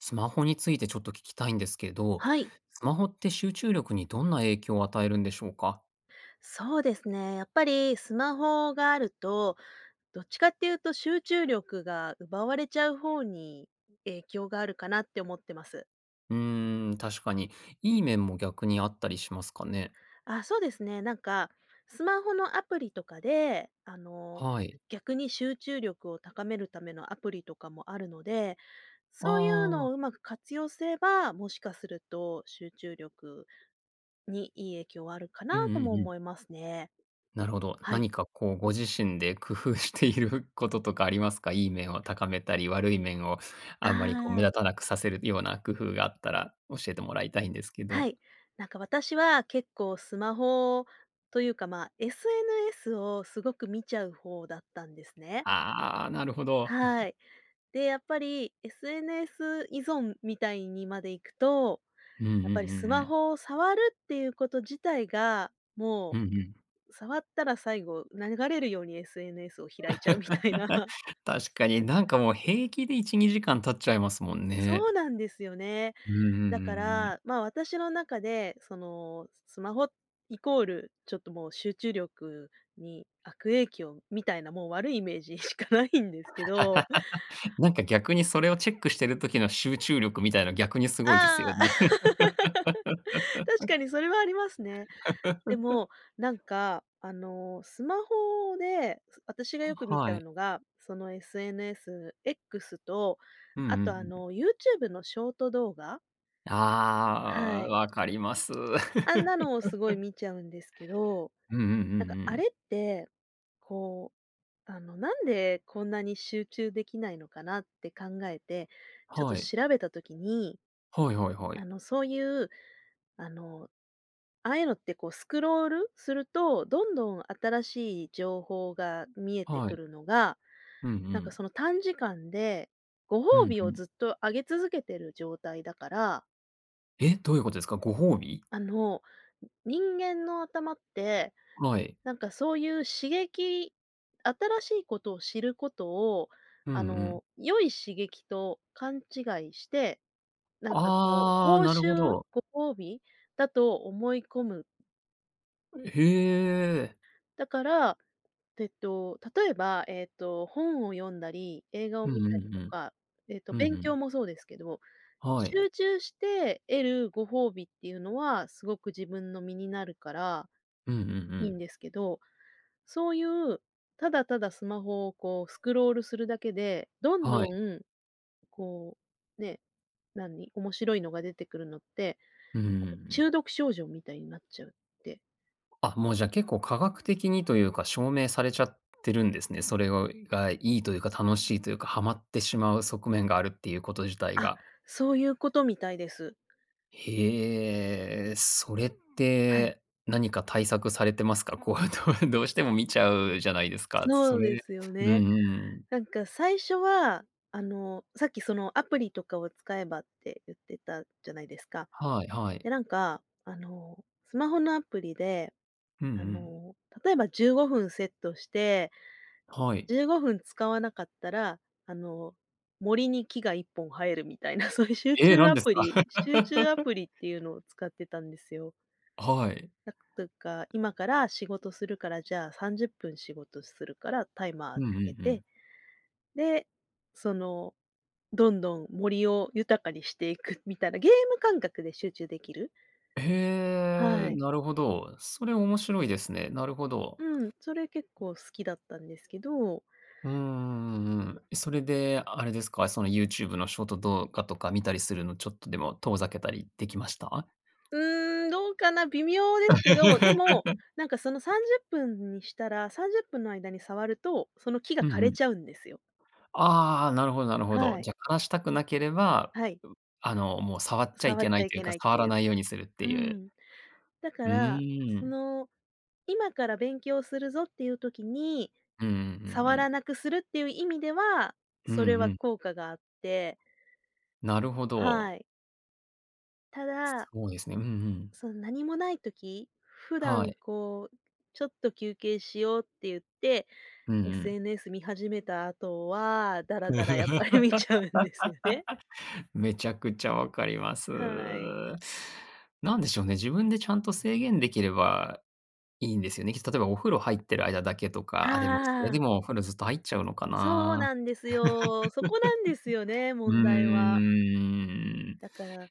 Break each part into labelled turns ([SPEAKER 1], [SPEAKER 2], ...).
[SPEAKER 1] スマホについてちょっと聞きたいんですけど、
[SPEAKER 2] はい。
[SPEAKER 1] スマホって集中力にどんな影響を与えるんでしょうか？
[SPEAKER 2] そうですね。やっぱりスマホがあると、どっちかって言うと集中力が奪われちゃう方に影響があるかなって思ってます。
[SPEAKER 1] うーん、確かに。いい面も逆にあったりしますかね？
[SPEAKER 2] あ、そうですね。なんかスマホのアプリとかで、あの、
[SPEAKER 1] はい。
[SPEAKER 2] 逆に集中力を高めるためのアプリとかもあるので、
[SPEAKER 1] あ
[SPEAKER 2] そういうの
[SPEAKER 1] あ。
[SPEAKER 2] をうまく活用すれば、もしかすると集中力にいい影響はあるか
[SPEAKER 1] うんう
[SPEAKER 2] な
[SPEAKER 1] ん
[SPEAKER 2] とも
[SPEAKER 1] うん。
[SPEAKER 2] 思いますね。
[SPEAKER 1] なるほど。
[SPEAKER 2] はい。
[SPEAKER 1] 何かこう、ご自身で工夫していることとかありますか？いい面を高めたり、悪い面を
[SPEAKER 2] あ
[SPEAKER 1] あんまりこう、目
[SPEAKER 2] あ。
[SPEAKER 1] 立たなくさせるような工夫があったら、教えてもらいたいんですけ
[SPEAKER 2] は
[SPEAKER 1] ど。
[SPEAKER 2] い、なんか私は結構スマホというか、ま、SNS をすごく見ちゃう方だったんですね。
[SPEAKER 1] ああ、なるほど。
[SPEAKER 2] は い、で、やっぱり SNS 依存みたいにまでいくと、
[SPEAKER 1] うんうんう
[SPEAKER 2] やっぱり
[SPEAKER 1] ん
[SPEAKER 2] ス
[SPEAKER 1] う
[SPEAKER 2] マ
[SPEAKER 1] ん。
[SPEAKER 2] ホを触るっていうこと自体が、も
[SPEAKER 1] うんうん。
[SPEAKER 2] う、触ったら最後、流れるように SNS を開いちゃうみたいな。
[SPEAKER 1] 確かに、なんかもう平気で1、2時間経っちゃいますもんね。
[SPEAKER 2] そうなんですよね。
[SPEAKER 1] うんうんうん
[SPEAKER 2] だか
[SPEAKER 1] うんうん。
[SPEAKER 2] ら、ま、私の中でそのスマホ＝ちょっともう、集中力に悪影響みたいな、もう悪いイメージしかないんですけど。
[SPEAKER 1] なんか逆に、それをチェックしてる時の集中力みたいの逆にすごいですよ
[SPEAKER 2] ああ、
[SPEAKER 1] ね。
[SPEAKER 2] 確 かにそれはありますね。で もなんかあの、スマホで私が
[SPEAKER 1] は
[SPEAKER 2] よく見ち
[SPEAKER 1] は
[SPEAKER 2] ゃう
[SPEAKER 1] い。
[SPEAKER 2] のが、その SNS、X と、
[SPEAKER 1] うんう
[SPEAKER 2] あ
[SPEAKER 1] ん
[SPEAKER 2] とあ
[SPEAKER 1] うん。
[SPEAKER 2] の、YouTube のショート動画は
[SPEAKER 1] ああ、
[SPEAKER 2] い。
[SPEAKER 1] わかります。
[SPEAKER 2] あんなのをすごい 見ちゃうんですけど、
[SPEAKER 1] うんうんうん
[SPEAKER 2] なんか
[SPEAKER 1] う
[SPEAKER 2] あ
[SPEAKER 1] ん。
[SPEAKER 2] れって、こう、あの、なんでこんなに集中できないのかなって考えて、ちょっと
[SPEAKER 1] はい。
[SPEAKER 2] 調べた時に、
[SPEAKER 1] はいはいは
[SPEAKER 2] あ
[SPEAKER 1] い。
[SPEAKER 2] の、そういう、あの、ああいうのってこうスクロールすると、どんどん新しい情報が見えて
[SPEAKER 1] は
[SPEAKER 2] く
[SPEAKER 1] い。
[SPEAKER 2] るのが、
[SPEAKER 1] うんう
[SPEAKER 2] なんか
[SPEAKER 1] ん。
[SPEAKER 2] その短時間でご
[SPEAKER 1] う
[SPEAKER 2] 褒
[SPEAKER 1] ん
[SPEAKER 2] 美
[SPEAKER 1] う
[SPEAKER 2] を
[SPEAKER 1] ん。
[SPEAKER 2] ずっとあげ続けてる状態だから
[SPEAKER 1] え、どういうことですか？ご褒美？
[SPEAKER 2] あの、人間の頭って、
[SPEAKER 1] はい。
[SPEAKER 2] なんかそういう刺激新しいことを知ることを、
[SPEAKER 1] うんう
[SPEAKER 2] あ
[SPEAKER 1] ん。
[SPEAKER 2] の、良い刺激と勘違いして、なんかこう
[SPEAKER 1] ああ、
[SPEAKER 2] 報
[SPEAKER 1] なるほ
[SPEAKER 2] 酬、
[SPEAKER 1] ど。
[SPEAKER 2] ご褒美だと思い込む。
[SPEAKER 1] ん、へえ。
[SPEAKER 2] だから、えっと、例えば、えっと、本を読んだり、映画を
[SPEAKER 1] う
[SPEAKER 2] 見
[SPEAKER 1] んう
[SPEAKER 2] たり
[SPEAKER 1] んう
[SPEAKER 2] と
[SPEAKER 1] ん。
[SPEAKER 2] か、えっと、
[SPEAKER 1] うんう
[SPEAKER 2] 勉強
[SPEAKER 1] ん。
[SPEAKER 2] もそうですけど、
[SPEAKER 1] はい。
[SPEAKER 2] 集中して得るご褒美っていうのはすごく自分の身になるから
[SPEAKER 1] うんうんう
[SPEAKER 2] いいん
[SPEAKER 1] ん。
[SPEAKER 2] ですけど、そういう、ただただスマホをこうスクロールするだけで、どん
[SPEAKER 1] は
[SPEAKER 2] ど
[SPEAKER 1] い。
[SPEAKER 2] ん、こう、ね、何、面白いのが出てくるのって、
[SPEAKER 1] うんうんう
[SPEAKER 2] なんか
[SPEAKER 1] ん。
[SPEAKER 2] 中毒症状みたいになっちゃうって。
[SPEAKER 1] あ、もう、じゃあ、結構科学的にというか、証明されちゃってるんですね。それをがいいというか、楽しいというか、はまってしまう側面があるっていうこと自体
[SPEAKER 2] あ、
[SPEAKER 1] が。
[SPEAKER 2] そういうことみたいです。
[SPEAKER 1] へえ。それっ
[SPEAKER 2] はい。
[SPEAKER 1] て、何か対策されてますか？こう、どうどうしても観ちゃうじゃないですか、そ
[SPEAKER 2] そうで
[SPEAKER 1] れ。
[SPEAKER 2] すよ
[SPEAKER 1] うんう
[SPEAKER 2] ね。
[SPEAKER 1] ん。
[SPEAKER 2] なんか、最初は、あの、さっきそのアプリとかを使えばって言ってたじゃないですか。
[SPEAKER 1] はいはい。
[SPEAKER 2] で、なんか、あの、スマホのアプリで、
[SPEAKER 1] うんう
[SPEAKER 2] あ
[SPEAKER 1] ん。
[SPEAKER 2] の、例えば15分セットして、
[SPEAKER 1] はい。
[SPEAKER 2] 15分使わなかったら、あの、森に木が1本生えるみたいな、そういう集
[SPEAKER 1] え、
[SPEAKER 2] 中
[SPEAKER 1] 何
[SPEAKER 2] ア
[SPEAKER 1] です
[SPEAKER 2] プ
[SPEAKER 1] か？
[SPEAKER 2] リ集中ア プリっていうのを使ってたんですよ。
[SPEAKER 1] はい。
[SPEAKER 2] なんつうか、今から仕事するから、じゃあ30分仕事するから、タイマー
[SPEAKER 1] うん
[SPEAKER 2] か
[SPEAKER 1] うん
[SPEAKER 2] け
[SPEAKER 1] う
[SPEAKER 2] て。
[SPEAKER 1] ん。
[SPEAKER 2] で、その、どんどん森を豊かにしていくみたいな、ゲーム感覚で集中できる。
[SPEAKER 1] へ
[SPEAKER 2] は
[SPEAKER 1] え、
[SPEAKER 2] い。
[SPEAKER 1] なるほど。それ、面白いですね。なるほど。
[SPEAKER 2] うーん、それ、結構好きだったんですけど。
[SPEAKER 1] うんうんうんうん。それで、あれですか？その YouTube のショート動画とか観たりするの、ちょっとでも遠ざけたりできました？
[SPEAKER 2] うーん、どうかな、微妙ですけど、でも、なんか、そのさんじゅ っぷんにしたら、30分の間に触ると、その木が
[SPEAKER 1] うん
[SPEAKER 2] 枯
[SPEAKER 1] う
[SPEAKER 2] れ
[SPEAKER 1] ん。
[SPEAKER 2] ちゃうんですよ。
[SPEAKER 1] ああ、なるほどなるほど。
[SPEAKER 2] はい。
[SPEAKER 1] じゃあ、枯らしたくなければ、
[SPEAKER 2] はい。
[SPEAKER 1] あの、もう触っちゃい
[SPEAKER 2] 触っ
[SPEAKER 1] けな
[SPEAKER 2] ちゃ
[SPEAKER 1] い
[SPEAKER 2] い
[SPEAKER 1] という
[SPEAKER 2] け
[SPEAKER 1] か、
[SPEAKER 2] ないっ
[SPEAKER 1] 触
[SPEAKER 2] て
[SPEAKER 1] ら
[SPEAKER 2] いう。
[SPEAKER 1] ないようにするって
[SPEAKER 2] う
[SPEAKER 1] いう。
[SPEAKER 2] ん。だか
[SPEAKER 1] う
[SPEAKER 2] ら、
[SPEAKER 1] ー
[SPEAKER 2] そ
[SPEAKER 1] ん。
[SPEAKER 2] の、今から勉強するぞっていう時に
[SPEAKER 1] うんうんうんう
[SPEAKER 2] 触ら
[SPEAKER 1] ん。
[SPEAKER 2] なくするっていう意味では、
[SPEAKER 1] うんう
[SPEAKER 2] それは
[SPEAKER 1] ん。
[SPEAKER 2] 効果があって
[SPEAKER 1] なるほど。
[SPEAKER 2] はい。ただ
[SPEAKER 1] そうですね。うんうん。
[SPEAKER 2] そん何もない時、普
[SPEAKER 1] は
[SPEAKER 2] 段
[SPEAKER 1] い。
[SPEAKER 2] こう、ちょっと休憩しようってゆって、
[SPEAKER 1] うんうん。
[SPEAKER 2] SNS 見始めた後は、ダラダラやっぱり見ちゃうんですよね。
[SPEAKER 1] めちゃくちゃ分かります。
[SPEAKER 2] はい。
[SPEAKER 1] なんでしょうね、自分でちゃんと制限できれば、いいんですよね。きっと例えばお風呂入ってる間だけと
[SPEAKER 2] あ
[SPEAKER 1] か、あ、でもそれ
[SPEAKER 2] ああ
[SPEAKER 1] で
[SPEAKER 2] あ。
[SPEAKER 1] もお風呂ずっと入っちゃうのか
[SPEAKER 2] そう
[SPEAKER 1] な。
[SPEAKER 2] なんですよ。そこなんですよね、
[SPEAKER 1] う
[SPEAKER 2] 問題は。
[SPEAKER 1] ーん。
[SPEAKER 2] だから、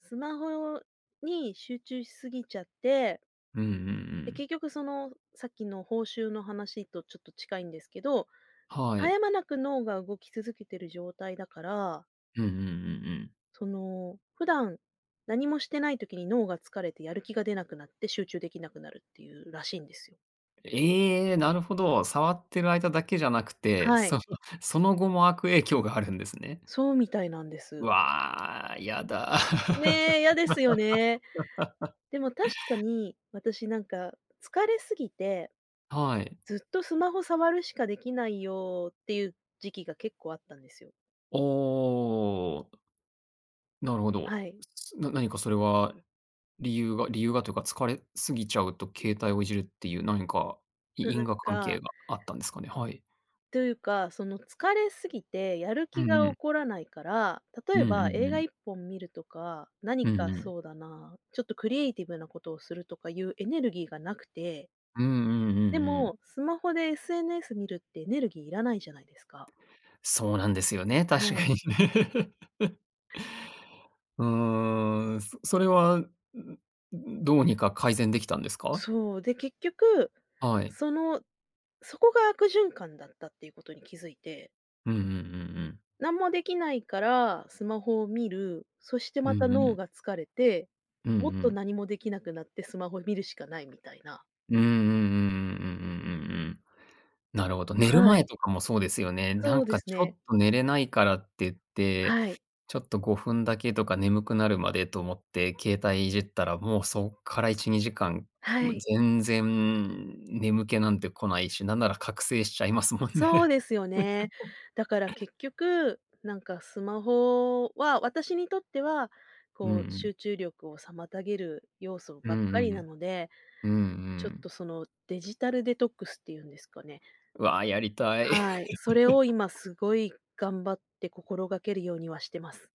[SPEAKER 2] スマホに集中しすぎちゃって
[SPEAKER 1] うんうんう
[SPEAKER 2] で、
[SPEAKER 1] ん。
[SPEAKER 2] 結局そのさっきの報酬の話とちょっと近いんですけど、
[SPEAKER 1] は
[SPEAKER 2] 絶
[SPEAKER 1] い。
[SPEAKER 2] え間なく脳が動き続けてる状態だから
[SPEAKER 1] うんうんうんうん。
[SPEAKER 2] その、普段、何もしてない時に脳が疲れてやる気が出なくなって、集中できなくなるっていうらしいんですよ。
[SPEAKER 1] ええ、なるほど。触ってる間だけじゃなくて、
[SPEAKER 2] はい。
[SPEAKER 1] そのその後も悪影響があるんですね。
[SPEAKER 2] そうみたいなんです。
[SPEAKER 1] わあ、やだ。
[SPEAKER 2] ね、嫌ですよね。でも確かに、私なんか疲れすぎて、
[SPEAKER 1] はい。
[SPEAKER 2] ずっとスマホ触るしかできないよっていう時期が結構あったんですよ。
[SPEAKER 1] おおお、おお。なるほ
[SPEAKER 2] は
[SPEAKER 1] ど。
[SPEAKER 2] い。
[SPEAKER 1] な何かそれは理由が理由がというか疲れすぎちゃうと携帯をいじるっていう何か、い
[SPEAKER 2] なな
[SPEAKER 1] 因
[SPEAKER 2] ん
[SPEAKER 1] 果関
[SPEAKER 2] か
[SPEAKER 1] 係があったんですかね？はい。
[SPEAKER 2] というか、その疲れすぎてやる
[SPEAKER 1] う
[SPEAKER 2] 気が
[SPEAKER 1] んう
[SPEAKER 2] 起
[SPEAKER 1] ん。
[SPEAKER 2] こらないから、
[SPEAKER 1] う
[SPEAKER 2] 例
[SPEAKER 1] ん
[SPEAKER 2] え
[SPEAKER 1] う
[SPEAKER 2] ば映
[SPEAKER 1] んう
[SPEAKER 2] 画い
[SPEAKER 1] ん。
[SPEAKER 2] っぽん見るとか、何
[SPEAKER 1] うん
[SPEAKER 2] か
[SPEAKER 1] うん。
[SPEAKER 2] そうだな、ちょっとクリエイティブなことをするとかゆうエネルギーがなくて。
[SPEAKER 1] うんうんうん
[SPEAKER 2] で
[SPEAKER 1] うん。
[SPEAKER 2] も、スマホで SNS 見るってエネルギーいらないじゃないですか。
[SPEAKER 1] そうなんですよね、確
[SPEAKER 2] は
[SPEAKER 1] か
[SPEAKER 2] い。
[SPEAKER 1] に。うーん、そそれは、んんんんどうにか改善できたんですか？
[SPEAKER 2] そう、で、結局、
[SPEAKER 1] はい。
[SPEAKER 2] その、そこが悪循環だったっていうことに気づいて。
[SPEAKER 1] うんうんうんうん。
[SPEAKER 2] なんもできないから、スマホを見る、そして
[SPEAKER 1] う
[SPEAKER 2] また
[SPEAKER 1] んう
[SPEAKER 2] 脳
[SPEAKER 1] ん。
[SPEAKER 2] が疲れて、
[SPEAKER 1] うんう
[SPEAKER 2] もっと
[SPEAKER 1] ん。
[SPEAKER 2] 何もできなくなってスマホ見るしかないみたいな。
[SPEAKER 1] うんうんうんうんうんうんうんうんうん。なるほど。寝る
[SPEAKER 2] はい。
[SPEAKER 1] 前とかもそうですよね。な
[SPEAKER 2] そ
[SPEAKER 1] ん
[SPEAKER 2] うで
[SPEAKER 1] か
[SPEAKER 2] す
[SPEAKER 1] ちょ
[SPEAKER 2] ね。
[SPEAKER 1] っと寝れないからってって、
[SPEAKER 2] はい。
[SPEAKER 1] ちょっと5分だけとか眠くなるまでと思って、携帯いじったら、もうそっから1、2時間、
[SPEAKER 2] は
[SPEAKER 1] もう
[SPEAKER 2] い。
[SPEAKER 1] 全然眠気なんて来ないし、なんなら覚醒しちゃいますもん
[SPEAKER 2] そう
[SPEAKER 1] ね。
[SPEAKER 2] ですよね。だから結局、なんかスマホは私にとっては、
[SPEAKER 1] うんう
[SPEAKER 2] こう
[SPEAKER 1] ん。
[SPEAKER 2] 集中力を妨げる要素
[SPEAKER 1] うん
[SPEAKER 2] ばっ
[SPEAKER 1] う
[SPEAKER 2] かりな
[SPEAKER 1] ん。
[SPEAKER 2] ので、
[SPEAKER 1] うんう
[SPEAKER 2] ちょっ
[SPEAKER 1] ん。
[SPEAKER 2] とそのデジタルデトックスっていうんですかね。
[SPEAKER 1] わあ、やりたい。
[SPEAKER 2] はい、それを今 すごい頑張って心がけるようにはしてます。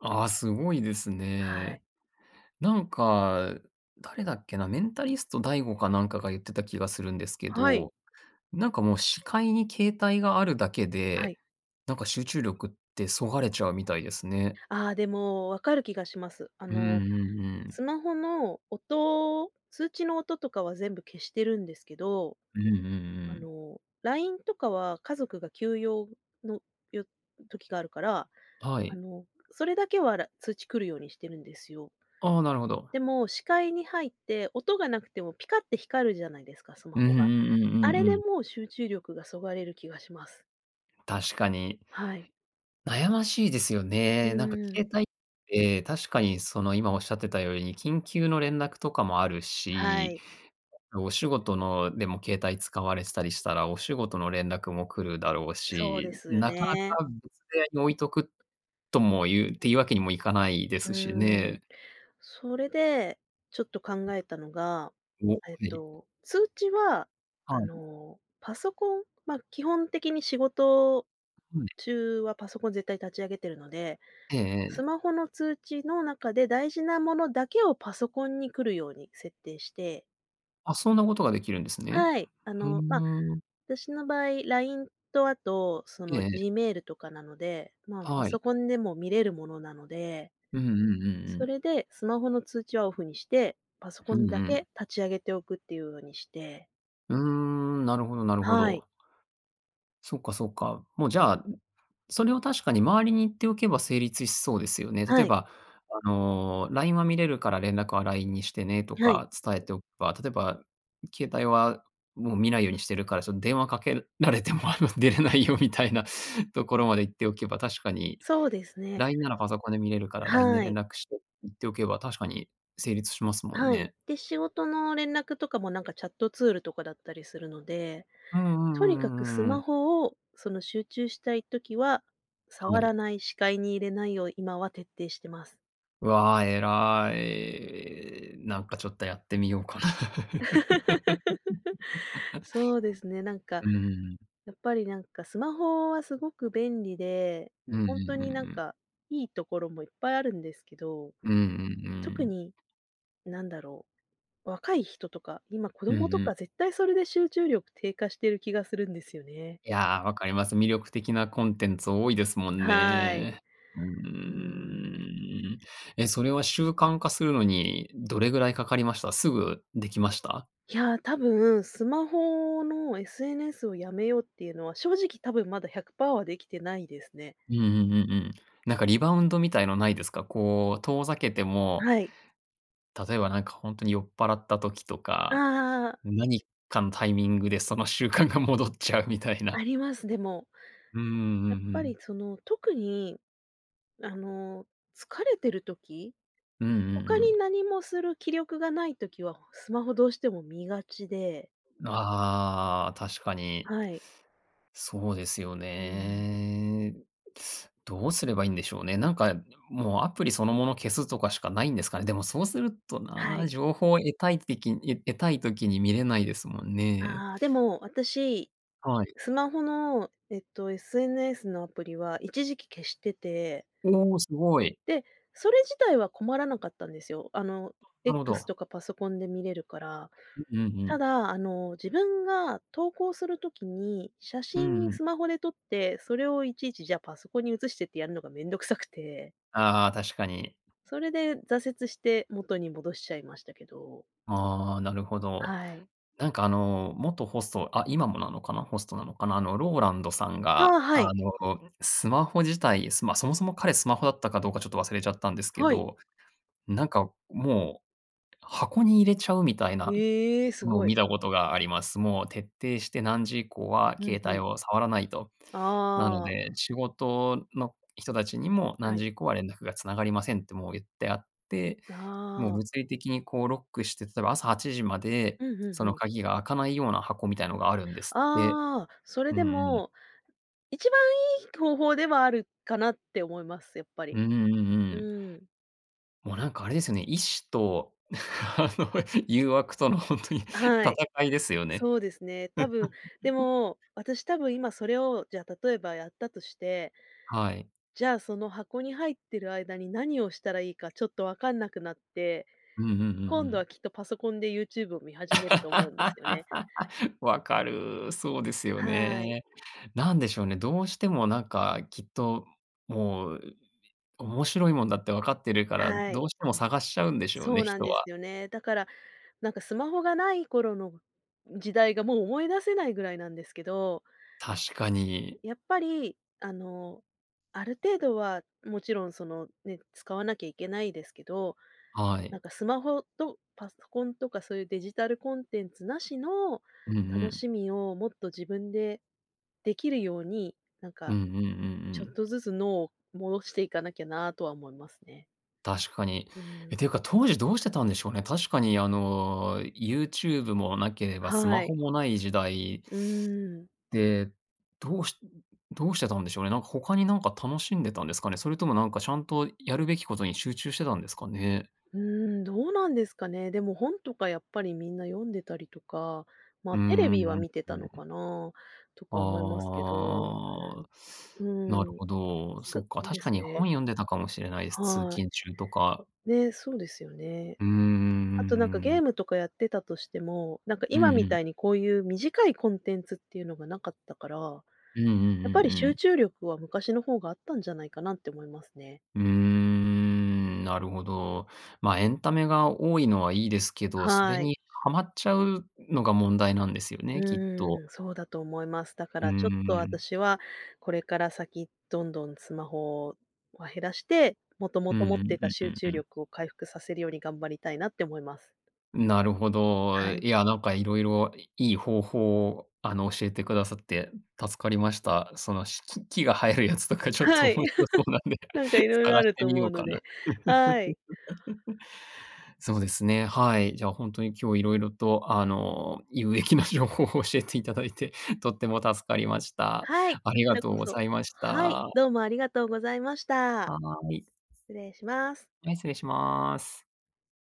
[SPEAKER 1] あ、すごいです
[SPEAKER 2] はい。
[SPEAKER 1] ね。なんか、誰だっけな、メンタリスト DaiGo かなんかが言ってた気がするんですけ
[SPEAKER 2] はい。
[SPEAKER 1] ど。なんかもう視界に携帯があるだけ
[SPEAKER 2] は
[SPEAKER 1] で、
[SPEAKER 2] い。
[SPEAKER 1] なんか集中力って削がれちゃうみたいですね。
[SPEAKER 2] あ、でも分かる気がします。あ
[SPEAKER 1] うんう
[SPEAKER 2] の
[SPEAKER 1] んうん。
[SPEAKER 2] スマホの音、通知の音とかは全部消してるんですけど、
[SPEAKER 1] うんうんう
[SPEAKER 2] あ
[SPEAKER 1] ん。
[SPEAKER 2] の LINE とかは家族が急用の、よ時があるから、
[SPEAKER 1] は
[SPEAKER 2] あ
[SPEAKER 1] い。
[SPEAKER 2] のそれだけは、ら通知来るようにしてるんですよ。
[SPEAKER 1] ああ、なるほど。
[SPEAKER 2] でも、視界に入って音がなくてもピカって光るじゃないですか、スマ
[SPEAKER 1] うんう
[SPEAKER 2] ホ
[SPEAKER 1] ん
[SPEAKER 2] が。
[SPEAKER 1] うんう
[SPEAKER 2] あれ
[SPEAKER 1] んう
[SPEAKER 2] で
[SPEAKER 1] ん。
[SPEAKER 2] もう集中力が削がれる気がします。
[SPEAKER 1] 確かに。
[SPEAKER 2] はい。
[SPEAKER 1] 悩ましいですよ
[SPEAKER 2] う
[SPEAKER 1] ね。なんか
[SPEAKER 2] ーん。
[SPEAKER 1] 携帯って確かにその今おっしゃってたように、緊急の連絡とかもある
[SPEAKER 2] は
[SPEAKER 1] し、
[SPEAKER 2] い。
[SPEAKER 1] お仕事の、でも携帯使われてたりしたら、お仕事の連絡も来るだろう
[SPEAKER 2] そうで
[SPEAKER 1] し。
[SPEAKER 2] すよ
[SPEAKER 1] なか
[SPEAKER 2] ね。
[SPEAKER 1] なか別部屋に置いとく、ともいうっていうわけにもいかないで
[SPEAKER 2] う
[SPEAKER 1] すし
[SPEAKER 2] ーん。
[SPEAKER 1] ね。
[SPEAKER 2] それでちょっと考えたのが、
[SPEAKER 1] お、は
[SPEAKER 2] えっ
[SPEAKER 1] い。
[SPEAKER 2] と、通知は、あ
[SPEAKER 1] はい。
[SPEAKER 2] の、パソコン。ま、基本的に仕事
[SPEAKER 1] うん。
[SPEAKER 2] 中はパソコン絶対立ち上げてるので、
[SPEAKER 1] ええ
[SPEAKER 2] ス
[SPEAKER 1] ええ。
[SPEAKER 2] マホの通知の中で大事なものだけをパソコンに来るように設定して
[SPEAKER 1] あ、そんなことができるんですね。
[SPEAKER 2] はい、あ
[SPEAKER 1] ふ
[SPEAKER 2] のま、
[SPEAKER 1] ーん。
[SPEAKER 2] 私の場合、LINE とあとそ
[SPEAKER 1] え
[SPEAKER 2] の
[SPEAKER 1] え。
[SPEAKER 2] Gmail とかなので、まあパ
[SPEAKER 1] はい。
[SPEAKER 2] ソコンでも見れるものなので。
[SPEAKER 1] うんうんうんう
[SPEAKER 2] そ
[SPEAKER 1] ん。
[SPEAKER 2] れで、スマホの通知はオフにして、パソコ
[SPEAKER 1] う
[SPEAKER 2] ン
[SPEAKER 1] んう
[SPEAKER 2] だ
[SPEAKER 1] ん。
[SPEAKER 2] け立ち上げておくっていうのにして。
[SPEAKER 1] うーん、なるほどなるほ
[SPEAKER 2] はい。
[SPEAKER 1] ど。そっかそっか。もうじゃあ、それを確かに周りに言っておけば成立しそうですよね。例
[SPEAKER 2] は
[SPEAKER 1] え
[SPEAKER 2] い。
[SPEAKER 1] ば、あの「LINE は見れるから連絡は LINE にしてね」と
[SPEAKER 2] はい。
[SPEAKER 1] か伝えておけば、例えば、携帯はもう見ないようにしてるから、その電話かけられてもあの出れないよみたいなところまで言っておけば、確かに
[SPEAKER 2] そうですね。
[SPEAKER 1] 「LINE ならパソコンで見れるから、LINE で
[SPEAKER 2] はい。
[SPEAKER 1] 連絡して」って言っておけば、確かに成立しますもん
[SPEAKER 2] はい。
[SPEAKER 1] ね。
[SPEAKER 2] で、仕事の連絡とかもなんかチャットツールとかだったりするので、
[SPEAKER 1] うんうんうんう
[SPEAKER 2] とにかく
[SPEAKER 1] ん
[SPEAKER 2] ス
[SPEAKER 1] うんう
[SPEAKER 2] マ
[SPEAKER 1] ん。
[SPEAKER 2] ホを、その集中したい時は、
[SPEAKER 1] は
[SPEAKER 2] 触ら
[SPEAKER 1] い。
[SPEAKER 2] ない、視界に入れないよう、今は徹底してます。
[SPEAKER 1] わあ、偉い。なんかちょっとやってみようかな。
[SPEAKER 2] そうですね、なんか、
[SPEAKER 1] うーん。
[SPEAKER 2] やっぱりなんか、スマホはすごく便利で、
[SPEAKER 1] うんうんうん
[SPEAKER 2] 本当
[SPEAKER 1] う
[SPEAKER 2] になん
[SPEAKER 1] ん。
[SPEAKER 2] かいいところもいっぱいあるんですけど。
[SPEAKER 1] うんうんう
[SPEAKER 2] 特
[SPEAKER 1] ん。
[SPEAKER 2] に、なんだろう、若い人とか、今、子
[SPEAKER 1] う
[SPEAKER 2] 供
[SPEAKER 1] ん
[SPEAKER 2] と
[SPEAKER 1] うん。
[SPEAKER 2] か絶対それで集中力低下してる気がするんですよね。
[SPEAKER 1] いや、わかります。魅力的なコンテンツ多いですもん
[SPEAKER 2] はい。
[SPEAKER 1] ね。うー
[SPEAKER 2] うーん。
[SPEAKER 1] ん。え、それは習慣化するのにどれぐらいかかりました？すぐできました？
[SPEAKER 2] いや、多分スマホの SNS をやめようっていうのは正直多分まだ100パーはできてないですね。
[SPEAKER 1] うんうんうんうん。なんかリバウンドみたいのないですか？こう遠ざけても、
[SPEAKER 2] はい。
[SPEAKER 1] 例えばなんか本当に酔っ払った時とか、
[SPEAKER 2] ああ。
[SPEAKER 1] 何かのタイミングでその習慣が戻っちゃうみたい
[SPEAKER 2] あ
[SPEAKER 1] な。
[SPEAKER 2] ります。でも、
[SPEAKER 1] うんうんうんう
[SPEAKER 2] やっぱり
[SPEAKER 1] ん。
[SPEAKER 2] その、特にあの、疲れてる時、
[SPEAKER 1] うんうんう
[SPEAKER 2] 他
[SPEAKER 1] ん。
[SPEAKER 2] に何もする気力がない時は、スマホどうしても見がちで
[SPEAKER 1] ああ、確かに。
[SPEAKER 2] はい。
[SPEAKER 1] そうですよ
[SPEAKER 2] うん。
[SPEAKER 1] ね。どうすればいいんでしょうね。なんかもうアプリそのもの消すとかしかないんですかね。でもそうすると
[SPEAKER 2] は
[SPEAKER 1] な、
[SPEAKER 2] い。
[SPEAKER 1] 情報を得たいてき得たい時に見れないですもんね。
[SPEAKER 2] ああ。でも私、
[SPEAKER 1] はい。
[SPEAKER 2] スマホの、えっと SNS のアプリは一時期消してて
[SPEAKER 1] おお、すごい。
[SPEAKER 2] で、それ自体は困らなかったんですよ。あの
[SPEAKER 1] なるほ
[SPEAKER 2] X
[SPEAKER 1] ど。
[SPEAKER 2] とかパソコンで見れるから。
[SPEAKER 1] う。うんう
[SPEAKER 2] た
[SPEAKER 1] ん。
[SPEAKER 2] だ、あの自分が投稿する時に、写
[SPEAKER 1] うんう
[SPEAKER 2] 真
[SPEAKER 1] ん。
[SPEAKER 2] スマホで撮って、それをいちいちじゃパソコンに移してってやるのが面倒くさくて
[SPEAKER 1] ああ、確かに。
[SPEAKER 2] それで、挫折して元に戻しちゃいましたけど。
[SPEAKER 1] ああ、なるほど。
[SPEAKER 2] はい。
[SPEAKER 1] なんかあの元ホストあ、今もなのかな、ホストなのかな。あのローランドさん
[SPEAKER 2] あ
[SPEAKER 1] が、
[SPEAKER 2] あ、は
[SPEAKER 1] あ
[SPEAKER 2] い。
[SPEAKER 1] のスマホ自体、まあ、そもそも彼スマホだったかどうかちょっと忘れちゃったんですけ
[SPEAKER 2] はい。
[SPEAKER 1] ど、なんかもう、箱に入れちゃうみたいな
[SPEAKER 2] ええ。す
[SPEAKER 1] のを
[SPEAKER 2] ごい。
[SPEAKER 1] 見たことがあります。もう徹底して、何時以降は
[SPEAKER 2] うん
[SPEAKER 1] 携
[SPEAKER 2] う
[SPEAKER 1] 帯
[SPEAKER 2] ん。
[SPEAKER 1] を触らないと。なの
[SPEAKER 2] ああ。
[SPEAKER 1] で、仕事の人たちにも
[SPEAKER 2] は
[SPEAKER 1] 何
[SPEAKER 2] い。
[SPEAKER 1] 時以降は連絡が繋がりませんってもう言ってあって、もう
[SPEAKER 2] ああ。
[SPEAKER 1] 物理的にこうロックして、例えば朝、午前8:00まで
[SPEAKER 2] うんうん
[SPEAKER 1] そ
[SPEAKER 2] う
[SPEAKER 1] の
[SPEAKER 2] ん。
[SPEAKER 1] 鍵が開かないような箱みたいなのがあるんですって。
[SPEAKER 2] ああ。それ
[SPEAKER 1] うん
[SPEAKER 2] で
[SPEAKER 1] うん。
[SPEAKER 2] も一番いい方法ではあるかなって思います、やっぱ
[SPEAKER 1] うん
[SPEAKER 2] り。
[SPEAKER 1] うんうんう
[SPEAKER 2] う
[SPEAKER 1] ん。
[SPEAKER 2] ーん。
[SPEAKER 1] もうなんかあれですよね、意志とあの誘惑との本当に
[SPEAKER 2] はい、
[SPEAKER 1] 戦いですよね。
[SPEAKER 2] そうですね。多分、で も、私多分今それを、じゃ例えばやったとして、
[SPEAKER 1] はい。
[SPEAKER 2] じゃあ、その箱に入ってる間に何をしたらいいかちょっと分かんなくなって、
[SPEAKER 1] うんうんうんう
[SPEAKER 2] 今度は
[SPEAKER 1] ん。
[SPEAKER 2] きっとパソコンで YouTube を見始めると思うんですよね。
[SPEAKER 1] 分かる。そうですよ
[SPEAKER 2] はい。
[SPEAKER 1] ね。なんでしょうね、どうしてもなんかきっと、もう面白いもんだって分かってるから、
[SPEAKER 2] は
[SPEAKER 1] ど
[SPEAKER 2] い。
[SPEAKER 1] うしても探しちゃうんでしょう
[SPEAKER 2] そ
[SPEAKER 1] ね、
[SPEAKER 2] うなん
[SPEAKER 1] 人
[SPEAKER 2] です
[SPEAKER 1] は。
[SPEAKER 2] よね。だから、なんかスマホがない頃の時代がもう思い出せないぐらいなんですけど。
[SPEAKER 1] 確かに。
[SPEAKER 2] やっぱり、あの、ある程度はもちろんそのね、使わなきゃいけないですけど、
[SPEAKER 1] は
[SPEAKER 2] なん
[SPEAKER 1] い。
[SPEAKER 2] かスマホとパソコンとかそういうデジタルコンテンツなしの
[SPEAKER 1] うんう
[SPEAKER 2] 楽
[SPEAKER 1] ん。
[SPEAKER 2] しみをもっと自分でできるように、なん
[SPEAKER 1] う
[SPEAKER 2] か
[SPEAKER 1] んうんうんう
[SPEAKER 2] ちょっ
[SPEAKER 1] ん。
[SPEAKER 2] とずつ脳を戻していかなきゃなとは思いますね。
[SPEAKER 1] 確かに。
[SPEAKER 2] うー
[SPEAKER 1] え、
[SPEAKER 2] ん。
[SPEAKER 1] ていうか、当時どうしてたんでしょうね。確かにあの、YouTube もなければス
[SPEAKER 2] は
[SPEAKER 1] マ
[SPEAKER 2] い。
[SPEAKER 1] ホもない時代
[SPEAKER 2] うーん。
[SPEAKER 1] で、どうしどうしてたんでしょうね。なんか他になんか楽しんでたんですかね？それともなんか、しゃんとやるべきことに集中してたんですかね？
[SPEAKER 2] うーん、どうなんですかね。でも本とかやっぱりみんな読んでたりとか、ま
[SPEAKER 1] う
[SPEAKER 2] あ、テレ
[SPEAKER 1] んうん
[SPEAKER 2] ビは見て
[SPEAKER 1] う
[SPEAKER 2] た
[SPEAKER 1] ん
[SPEAKER 2] の
[SPEAKER 1] う
[SPEAKER 2] か
[SPEAKER 1] ん。
[SPEAKER 2] な、とか思いますけど。う
[SPEAKER 1] ああ。なる
[SPEAKER 2] ーん。
[SPEAKER 1] ほど、
[SPEAKER 2] す
[SPEAKER 1] そ
[SPEAKER 2] く
[SPEAKER 1] っか、
[SPEAKER 2] で
[SPEAKER 1] 確か
[SPEAKER 2] す
[SPEAKER 1] に
[SPEAKER 2] ね。
[SPEAKER 1] 本読んでたかもしれないです、通
[SPEAKER 2] はい。
[SPEAKER 1] 勤中とか。
[SPEAKER 2] ね、そうですよね。
[SPEAKER 1] うーん。うん
[SPEAKER 2] あとなんか
[SPEAKER 1] うんう
[SPEAKER 2] ゲー
[SPEAKER 1] ん。
[SPEAKER 2] ムとかやってたとしても、なんか
[SPEAKER 1] うん
[SPEAKER 2] 今み
[SPEAKER 1] う
[SPEAKER 2] た
[SPEAKER 1] ん。
[SPEAKER 2] いにこういう短いコンテンツっていうのがなかったから、や
[SPEAKER 1] うんうんう
[SPEAKER 2] っぱ
[SPEAKER 1] ん
[SPEAKER 2] り
[SPEAKER 1] う
[SPEAKER 2] 集
[SPEAKER 1] ん。
[SPEAKER 2] 中力は昔の方があったんじゃないかなって思いますね。
[SPEAKER 1] うーん、なるほど。ま、エンタメが多いのはいいですけど、それ
[SPEAKER 2] はい。
[SPEAKER 1] に、はまっちゃうのが問題なんですよ
[SPEAKER 2] う
[SPEAKER 1] ね、きっと。
[SPEAKER 2] ーん、そうだと思います。だか
[SPEAKER 1] うー
[SPEAKER 2] らちょっと
[SPEAKER 1] ん。
[SPEAKER 2] 私はこれから先、どんどんスマホは減らして、元
[SPEAKER 1] う
[SPEAKER 2] 々
[SPEAKER 1] んう
[SPEAKER 2] 持って
[SPEAKER 1] ん、う
[SPEAKER 2] た
[SPEAKER 1] んう
[SPEAKER 2] 集
[SPEAKER 1] ん
[SPEAKER 2] 中
[SPEAKER 1] うん。
[SPEAKER 2] 力を回復させるように頑張りたいなって思います。
[SPEAKER 1] なるほ
[SPEAKER 2] は
[SPEAKER 1] ど。
[SPEAKER 2] い。
[SPEAKER 1] いやなんか、色々いい方法を、あの教えてくださって助かりました。そのし木木が生えるやつとかちょっと
[SPEAKER 2] は
[SPEAKER 1] 面
[SPEAKER 2] い、
[SPEAKER 1] 白そうなん で、
[SPEAKER 2] なんか色々あ
[SPEAKER 1] 探し
[SPEAKER 2] る
[SPEAKER 1] て
[SPEAKER 2] と
[SPEAKER 1] み
[SPEAKER 2] 思
[SPEAKER 1] よう
[SPEAKER 2] うの
[SPEAKER 1] かな。
[SPEAKER 2] で、はい。
[SPEAKER 1] そうですね、はい。じゃ、ほんとに今日色々と、あの有益な情報を教えていただいて、とっても助かりました。
[SPEAKER 2] はい、
[SPEAKER 1] あ
[SPEAKER 2] こ
[SPEAKER 1] り
[SPEAKER 2] ち
[SPEAKER 1] が
[SPEAKER 2] ら
[SPEAKER 1] とう
[SPEAKER 2] こ
[SPEAKER 1] ご
[SPEAKER 2] そ。
[SPEAKER 1] ざいまし
[SPEAKER 2] はい、
[SPEAKER 1] た。
[SPEAKER 2] どうもありがとうございました。
[SPEAKER 1] はい。
[SPEAKER 2] 失礼します。
[SPEAKER 1] はい、失礼します。